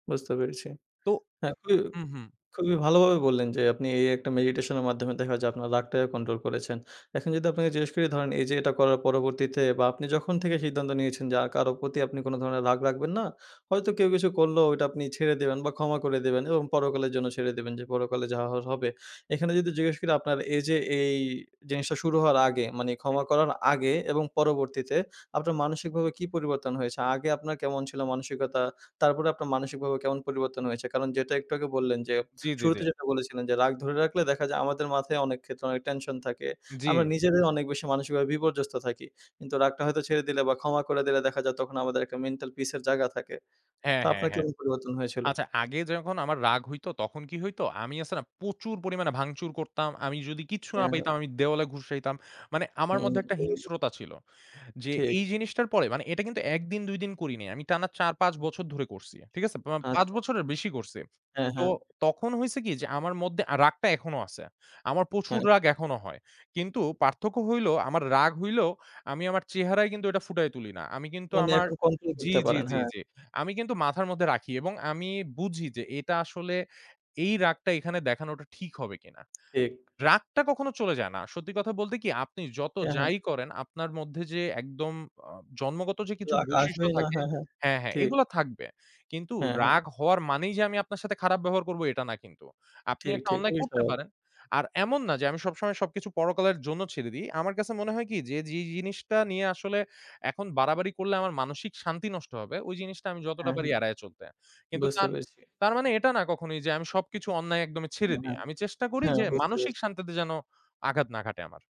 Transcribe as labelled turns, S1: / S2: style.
S1: বুঝতে পেরেছি।
S2: তো
S1: হ্যাঁ, খুবই
S2: হুম, হুম।
S1: খুবই ভালোভাবে বললেন যে আপনি এই একটা মেডিটেশনের মাধ্যমে দেখা যায় আপনার রাগটাকে কন্ট্রোল করেছেন। এখন যদি আপনাকে জিজ্ঞেস করি ধরেন এইযে এইটা করার পরবর্তীতে বা আপনি যখন থেকে সিদ্ধান্ত নিয়েছেন যে আর কারো প্রতি আপনি কোনো ধরনের রাগ রাখবেন না। হয়তো কেউ কিছু করলেও ঐটা আপনি ছেড়ে দেবেন বা ক্ষমা করে দেবেন এবং পরকালের জন্য ছেড়ে দেবেন যে পরকালে যা হওয়ার হবে। এখানে যদি জিজ্ঞেস করি আপনার এইযে এই জিনিসটা শুরু হওয়ার আগে মানে
S2: হুম।
S1: ক্ষমা করার আগে এবং পরবর্তীতে আপনার মানসিকভাবে কি পরিবর্তন হয়েছে? আগে আপনার কেমন ছিল মানসিকতা? তারপরে আপনার মানসিকভাবে কেমন পরিবর্তন হয়েছে? কারণ যেটা একটু আগে বললেন যে
S2: জি, জি, জি।
S1: শুরুতে যেটা বলেছিলেন যে রাগ ধরে রাখলে দেখা যায় আমাদের মাথায় অনেক ক্ষেত্রে অনেক টেনশন থাকে।
S2: জি।
S1: আমরা নিজেদের অনেক বেশি মানসিকভাবে বিপর্যস্ত থাকি। কিন্তু রাগটা হয়তো ছেড়ে দিলে বা ক্ষমা করে দিলে দেখা যায় তখন আমাদের একটা মেন্টাল পিস এর জায়গা থাকে।
S2: হ্যাঁ,
S1: তো
S2: হ্যাঁ,
S1: আপনার
S2: হ্যাঁ।
S1: কেমন পরিবর্তন হয়েছিল?
S2: আচ্ছা, আগে যখন আমার রাগ হইতো তখন কি হইতো? আমি আছে না প্রচুর পরিমাণে ভাঙচুর করতাম। আমি যদি কিচ্ছু না
S1: হ্যাঁ, হ্যাঁ।
S2: পাইতাম আমি দেওয়ালে ঘুশাইতাম। মানে আমার
S1: হুম,
S2: মধ্যে একটা
S1: হুম। [unintelligible]
S2: হিংস্রতা ছিল। যে
S1: ঠিক।
S2: এই জিনিসটার পরে মানে এইটা কিন্তু ১ দিন ২ দিন করিনি। আমি টানা ৪-৫ বছর ধরে করছি। ঠিক আছে? প পাঁচ
S1: আচ্ছা।
S2: বছরের বেশি করছি।
S1: হ্যাঁ,
S2: তো
S1: হ্যাঁ।
S2: তখন হইছে কি? যে আমার মধ্যে রাগটা এখনো আছে। আমার প্রচুর
S1: হ্যাঁ।
S2: রাগ এখনো হয়। কিন্তু পার্থক্য হইলো আমার রাগ হইলেও আমি আমার চেহারায় কিন্তু এইটা ফুটায়ে তুলি না। আমি কিন্তু
S1: মানে
S2: আমার
S1: এখন কন্ট্রোল
S2: জি,
S1: করতে
S2: জি,
S1: পারেন,
S2: জি,
S1: হ্যাঁ।
S2: জি। আমি কিন্তু মাথার মধ্যে রাখি এবং আমি বুঝি যে এটা আসলে এই রাগটা এখানে দেখানোটা ঠিক হবে কিনা।
S1: ঠিক।
S2: রাগটা কখনো চলে যায় না। সত্যি কথা বলতে কি? আপনি যত
S1: অ্যা হ্যাঁ।
S2: যাই করেন আপনার মধ্যে যে একদম আ জন্মগত যে কিছু
S1: রাগ
S2: বৈশিষ্ট্য
S1: আসবেই না।
S2: থাকে
S1: হ্যাঁ, হ্যাঁ,
S2: হ্যাঁ, হ্যাঁ
S1: ঠিক।
S2: এগুলো থাকবে। কিন্তু
S1: হ্যাঁ, হ্যাঁ।
S2: রাগ হওয়ার মানেই যে আমি আপনার সাথে খারাপ ব্যবহার করব এটা না কিন্তু। আপনি
S1: ঠিক,
S2: একটা
S1: ঠিক।
S2: অন্যায়
S1: খুবই
S2: করতে
S1: স্বাভাবিক।
S2: পারেন। আর এমন না যে আমি সবসময় সবকিছু পরকালের জন্য ছেড়ে দেই। আমার কাছে মনে হয় কি? যে, যেই জিনিসটা নিয়ে আসলে এখন বাড়াবাড়ি করলে আমার মানসিক শান্তি নষ্ট হবে, ওই জিনিসটা আমি যতটা
S1: হ্যাঁ,
S2: পারি
S1: হুম।
S2: এড়ায় চলতে। কিন্তু
S1: বুঝতে
S2: তার
S1: পেরেছি।
S2: তার মানে এটা না কখনোই যে আমি সবকিছু অন্যায় একদমই ছেড়ে
S1: নো
S2: দিই। আমি চেষ্টা করি
S1: হ্যাঁ,
S2: যে
S1: বুঝতে
S2: মানসিক
S1: পারছি।
S2: শান্তিতে যেনো আঘাত না ঘাটে আমার।